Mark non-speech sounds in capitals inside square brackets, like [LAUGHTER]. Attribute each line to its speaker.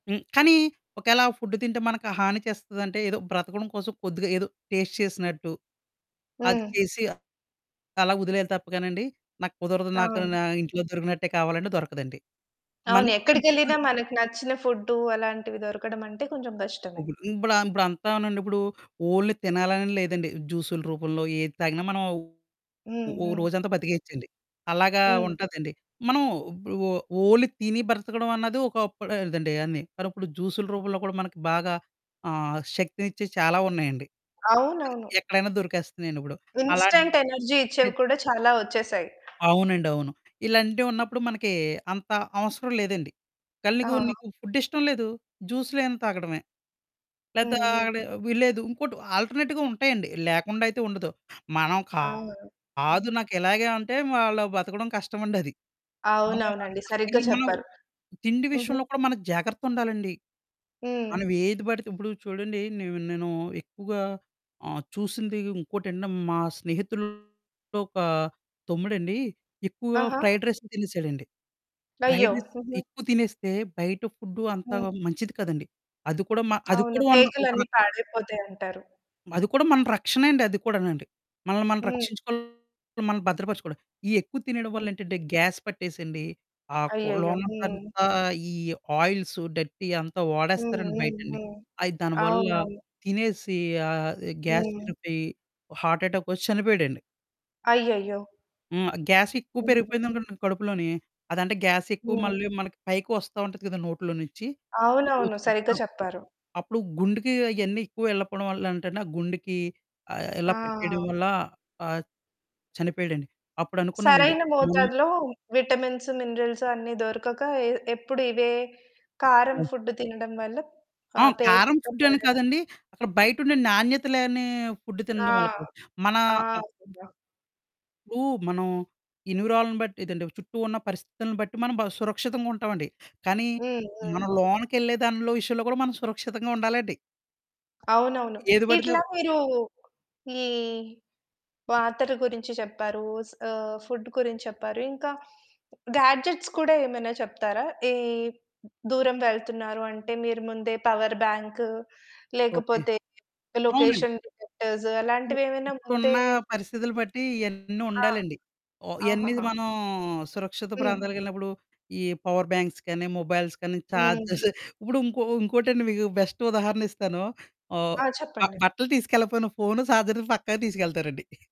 Speaker 1: హ్మ్, కానీ ఒకేళ ఆ ఫుడ్ తింటే మనకు హాని చేస్తాదంటే ఏదో బ్రతకడం కోసం కొద్దిగా ఏదో టేస్ట్ చేసినట్టు. అది
Speaker 2: హ్మ్.
Speaker 1: చేసి, అలా వదిలేయాలి తప్పగానండి, నాకు కుదరదు నాకు
Speaker 2: అవును.
Speaker 1: నా ఇంట్లో దొరికినట్టే కావాలంటే దొరకదండి.
Speaker 2: అవును
Speaker 1: మల్లోచ్చి ఎం
Speaker 2: ఎక్కడికెళ్ళిన
Speaker 1: చెపిన
Speaker 2: మనకు నచ్చిన ఫుడ్డు అలాంటివి దొరకడం అంటే కొంచెం కష్టమే.
Speaker 1: [UNINTELLIGIBLE] ఇంప్లా ఇప్పుదంతానండి ఇప్పుడు ఓన్లీ తినాలనే లేదండి. జ్యూసులు రూపంలో ఏది తాగినా మనం ఓ
Speaker 2: హ్మ్.
Speaker 1: ఓ
Speaker 2: హ్మ్.
Speaker 1: రోజంతా బ్రతికేయొచ్చండి. అలాగా
Speaker 2: హ్మ్.
Speaker 1: ఉంటదండి మనం బ ఓ ఓన్లీ తిని బ్రతకడం అన్నది ఒక్కపుడదండి అన్ని. మరిప్పుడు జ్యూసు‌లు రూపంలో కూడా మనకి బాగా ఆహ్, శక్తినిచ్చే చాలా ఉన్నాయండి. అ
Speaker 2: అవునవును.
Speaker 1: ఎక్కడైనా దొరికేస్తున్నాయండి ఇప్పుడు అలాంటియి
Speaker 2: ఇన్‌స్టంట్ ఎనర్జీ ఇచ్చేవి
Speaker 1: ఎత్
Speaker 2: కూడా చాలా వచ్చేసాయి.
Speaker 1: అవునండి అవును. ఇలాంటివి ఉన్నప్పుడు మనకి అంత అవసరం లేదండి. ఒకేళ, నీకు
Speaker 2: ఆహా!
Speaker 1: నీకు ఫుడ్ ఇష్టం లేదు జ్యూసులేమన్న తాగడమే. లేతా
Speaker 2: హుహు.
Speaker 1: అక్కడ వీళ్ళేదు ఇంకోటి ఆల్టర్నేట్‌గా ఉంటాయండి లేకుండా అయితే ఉండదు. మనం
Speaker 2: ఆ!
Speaker 1: కాదు నాకు ఇలాగే అంటే వా అలా బ్రతకడం కష్టమండి అది. మనం
Speaker 2: అవును అవునండి సరిగ్గా
Speaker 1: [UNINTELLIGIBLE] మనం
Speaker 2: చెప్పారు.
Speaker 1: తిండి
Speaker 2: హుహు.
Speaker 1: విషయంలో కూడా మనం జాగ్రత్త ఉండాలండి.
Speaker 2: హ్మ్.
Speaker 1: మనం ఏది పడితే ఇప్పుడు చూడండి నేను నేను ఎక్కువగా ఆహ్, చూసింది ఇంకోటంటే మా స్నేహితుల్లో ఒక తమ్ముడండి ఎక్కువగా
Speaker 2: ఆహా!
Speaker 1: ఫ్రైడ్ రైసులు తినేసాడండి.
Speaker 2: అయ్యో!
Speaker 1: ఫ్రైడ్ రైస్
Speaker 2: హుహు.
Speaker 1: ఎక్కువ తినేస్తే బయట ఫుడ్డు అంతా
Speaker 2: హ్మ్.
Speaker 1: మంచిది కాదండీ. అది కూడా మ అది
Speaker 2: అవును
Speaker 1: కూడా ఒక
Speaker 2: పేగులన్నీ
Speaker 1: రక
Speaker 2: పాడైపోతాయి అంటారు.
Speaker 1: అది కూడా మన రక్షణే అండి. అది కూడానండి, మనల్ని మనం
Speaker 2: హ్మ్.
Speaker 1: రక్షించుకోవాలి మనల్ని భద్రపరచుకోవడం. ఈ ఎక్కువ తినడం
Speaker 2: హుహు.
Speaker 1: వల్ల ఏంటంటే గ్యాస్ పట్టేసేయండి ఆ కొ
Speaker 2: అయ్యయ్యో!
Speaker 1: లోన అంత
Speaker 2: హ్మ్.
Speaker 1: ఈ ఆయిల్సు, డిర్టీ అంతా
Speaker 2: హ్మ్
Speaker 1: వాడేస్తారండి
Speaker 2: హ్మ్
Speaker 1: బయటండి.
Speaker 2: హ్మ్.
Speaker 1: అయి దానివల్ల
Speaker 2: అవునవును.
Speaker 1: తినేసి ఆ గ్యాస్
Speaker 2: హ్మ్.
Speaker 1: విరిపోయి హార్ట్ యటాకొచ్చి చనిపోయాడండి.
Speaker 2: అయ్యయ్యో!
Speaker 1: హ్మ్. గ్యాస్ ఎక్కువ
Speaker 2: హ్మ్.
Speaker 1: పెరిగిపోయిందనుకోండి కడుపులోని, అదంటే గ్యాస్ ఎక్కువ
Speaker 2: హ్మ్.
Speaker 1: మళ్ళీ మనకి పైకి వస్తా ఉంటది కదా! నోట్లో నుంచి.
Speaker 2: అవునవును
Speaker 1: అలాగొచ్చి
Speaker 2: సరిగ్గా
Speaker 1: ఆ!
Speaker 2: చెప్పారు.
Speaker 1: అప్పుడు గుండెకి అయన్నీ ఎక్కువ వెళ్ళకపోవడం వల్ల అంటే అండి, ఆ గుండెకి ఆహ్, ఇలా పట్టేయడం
Speaker 2: ఆ!
Speaker 1: వల్ల ఆహ్, చనిపోయాడండి. అప్పుడు అనుకున్నానండి.
Speaker 2: సరైన
Speaker 1: ము
Speaker 2: మోతాదులో విటమిన్స్, మినరల్స్ అన్ని దొరకక ఎ ఎప్పుడు ఇవే కారం
Speaker 1: ఆ!
Speaker 2: ఫుడ్ తినడం వల్ల. ఆ
Speaker 1: ఆ!
Speaker 2: పేగులు
Speaker 1: కారం
Speaker 2: మొత్తం
Speaker 1: ఫుడ్ అని
Speaker 2: పడయ్యాయి.
Speaker 1: కాదండి. అక్కడ బయట ఉండే నాణ్యత లేని ఫుడ్ తిన్న
Speaker 2: ఆ!
Speaker 1: వాళ్ళకు మన
Speaker 2: ఆ!
Speaker 1: ఆ
Speaker 2: నిజం.
Speaker 1: ఇప్పుడు మనం ఎన్విరాలను బట్టి ఇదంటే చుట్టూ ఉన్న పరిస్థితులను బట్టి మనం బా సురక్షితంగుంటామండి. కానీ
Speaker 2: హ్మ్ హ్మ్.
Speaker 1: మనం లోనకెళ్ళే దానిలో విషయంలో కూడా మనం సురక్షితంగా ఉండాలండి.
Speaker 2: అవునవును.
Speaker 1: ఏది పడితే
Speaker 2: ఇట్లా
Speaker 1: అవ్
Speaker 2: మీరు ఈ పాత్రల గురించి చెప్పారు. స్ ఆహ్, ఫుడ్ గురించి చెప్పారు. ఇంకా గాడ్జెట్స్ కూడా ఏమైనా చెప్తారా? ఈ దూరం వెళ్తున్నారు అంటే మీరు ముందే పవర్‌బాంకు
Speaker 1: ఓకె,
Speaker 2: లేకపోతే
Speaker 1: అవునండి.
Speaker 2: లొకేషన్ డిటెక్టర్స్
Speaker 1: ఎ
Speaker 2: అలాంటివి ఏమైనా ముందే
Speaker 1: ఇప్పుడున్న పరిస్థితులు బట్టి ఇయన్నీ
Speaker 2: ఆ!
Speaker 1: ఉండాలండి. ఓ ఇవన్నీ
Speaker 2: ఆహహా!
Speaker 1: మనం సురక్షిత
Speaker 2: హ్మ్.
Speaker 1: ప్రాంతాలకెళ్ళినప్పుడు, ఈ పవర్ బ్యాంక్స్ కానీ, మొబైల్స్ కానీ చార్జర్స్
Speaker 2: హ్మ్.
Speaker 1: [GIGGLES] ఇప్పుడు ఇంకో ఇంకోటండి మీకు బెస్ట్ ఉదాహరణ ఇస్తాను. ఆహ్,
Speaker 2: ఆ!
Speaker 1: నాకు
Speaker 2: చెప్పండి.
Speaker 1: బట్టలు తీసుకెళ్లకపోయిన ఫోను, చార్జరు పక్కా తీసుకెళ్తారండి. [GIGGLES]